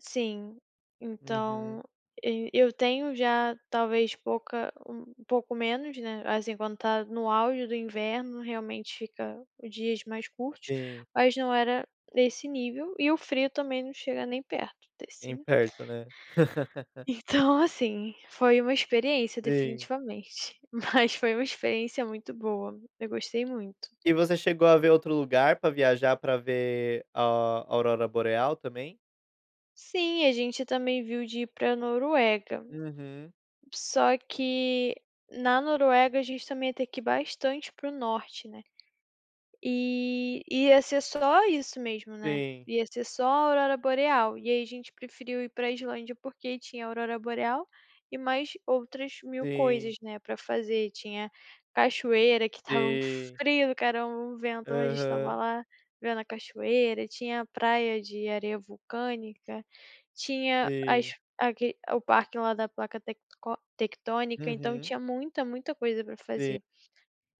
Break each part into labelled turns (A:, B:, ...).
A: Sim, então
B: Uhum.
A: eu eu tenho, já, talvez pouca um pouco menos, né, assim, quando está no auge do inverno, realmente fica dias mais curtos,
B: Sim.
A: mas, não era desse nível, e o frio também, não chega nem perto desse,
B: Nem
A: né.
B: perto, né.
A: Então assim, foi uma experiência
B: Sim.
A: definitivamente, mas foi uma experiência muito boa, eu gostei muito.
B: E você chegou a ver outro lugar, pra viajar, pra ver a aurora boreal também?
A: Sim, a gente também viu, de ir pra Noruega.
B: Uhum.
A: Só que na Noruega, a gente também, ia ter que ir bastante para o Norte, né. E, ia ser só isso mesmo, né.
B: Sim.
A: Ia ser só a aurora boreal, e aí a gente preferiu ir pra Islândia, porque tinha aurora boreal, e mais outras mil coisas,
B: Sim.
A: né, pra fazer, tinha cachoeira, que estava um
B: Sim.
A: frio do caramba, um vento, mas a gente estava
B: Aham.
A: lá, vendo a cachoeira, tinha a praia de areia vulcânica, tinha as
B: Sim.
A: aqui o parque lá da placa tecco tectônica, então,
B: Uhum.
A: tinha muita, muita coisa pra
B: Sim.
A: fazer.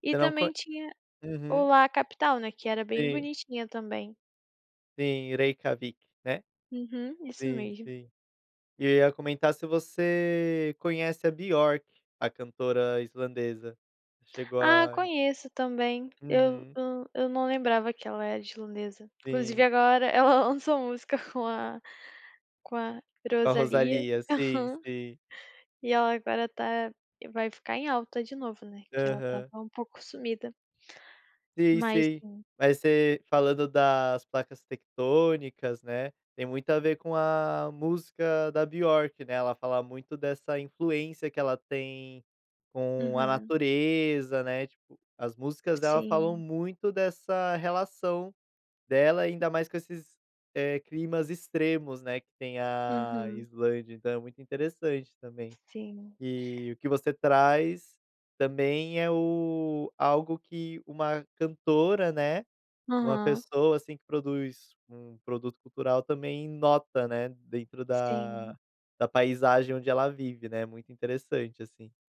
A: E
B: Eu não con
A: também, tinha o
B: Uhum.
A: lá capital, né, que era bem
B: Sim.
A: bonitinha também.
B: Sim, Reykjavík, né.
A: Uhum, isso
B: Sim,
A: mesmo.
B: sim. E eu ia comentar, se você conhece a Björk, a cantora islandesa. Chegou
A: Ah,
B: a
A: conheço também, eu
B: Uhum.
A: eu não lembrava, que ela era islandesa, inclusive
B: Sim.
A: agora, ela lançou música, com a com a
B: Com a
A: Rosalía,
B: Rosalía, Sim, sim.
A: e ela agora está vai ficar em alta de novo, né, que ela estava
B: Aham.
A: até um pouco sumida.
B: Sim,
A: Mas
B: sim,
A: é
B: mas você falando, das placas tectônicas, né. Tem muito a ver com a música da Björk, né. Ela fala muito dessa influência, que ela tem com a
A: Uhum.
B: natureza, né. Tipo, as músicas dela, falam
A: Sim.
B: muito dessa relação dela, ainda mais, eh, com esses climas extremos, né, que tem a a
A: Uhum.
B: Islândia, então é muito interessante também.
A: Sim.
B: E o que você traz, também, é o algo que uma cantora, né, uma
A: Aham.
B: pessoa, assim, que produz um produto cultural também nota, né, dentro da
A: Sim.
B: da paisagem onde ela vive, né, muito interessante, assim.